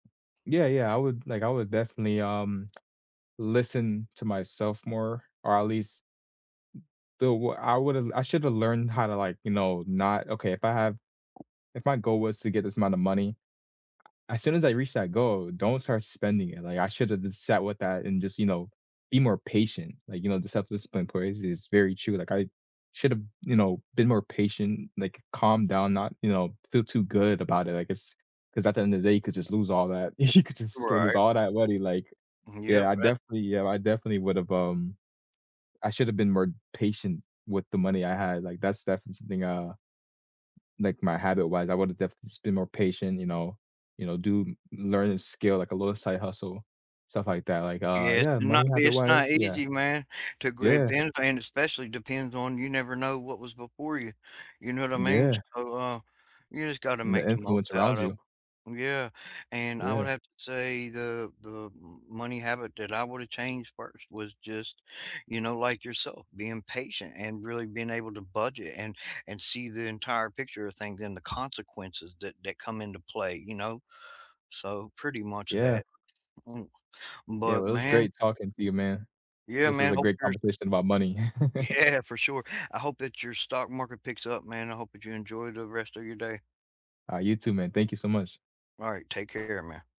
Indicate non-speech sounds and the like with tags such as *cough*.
Yeah, yeah, I would, like, I would definitely, um, listen to myself more, or at least the w I would've I shoulda learned how to, like, you know, not okay, if I have if my goal was to get this amount of money, as soon as I reach that goal, don't start spending it, like, I shoulda just sat with that and just, you know, be more patient, like, you know, the self-discipline place is very true, like, I should’ve, you know, been more patient, like, calm down, not you know, feel too good about it, I guess, ‘cause at the end of day, you could just lose all that you could just lose Right. all that money, like Mhm yeah, yeah, I tha definitely yeah, *unintelligible* I definitely would've, um I should’ve been more patient with the money I had, like, that's definitely something, uh like my habit-wise, I would've definitely just been more patient, you know? You know, do learn a skill, like a little side hustle, stuff like that, like, uh Yes, yeah, to not money be it's not habit-wise, yeah. easy, man, to great Yeah. bends and especially depends on you never know what was before you, you know what I mean? Yeah. So, uh, you just gotta And make the the most influence around out of you. yeah, and I would Yeah. have to say the the m money habit that I would've changed first was just, you know, like yourself, being patient and really being able to budget and and see the entire picture a things and the consequences that that come into play, you know? So, pretty much of Yeah. that. M Yeah, but, well, it was man. great talking to you, man. yeah, This was man, a hope great your conversation about money. *chuckles* Yeah, for sure, I hope that your stock market picks up, man, I hope that you enjoy the rest of your day. Alright you too, man, thank you so much. Alright, take care, man.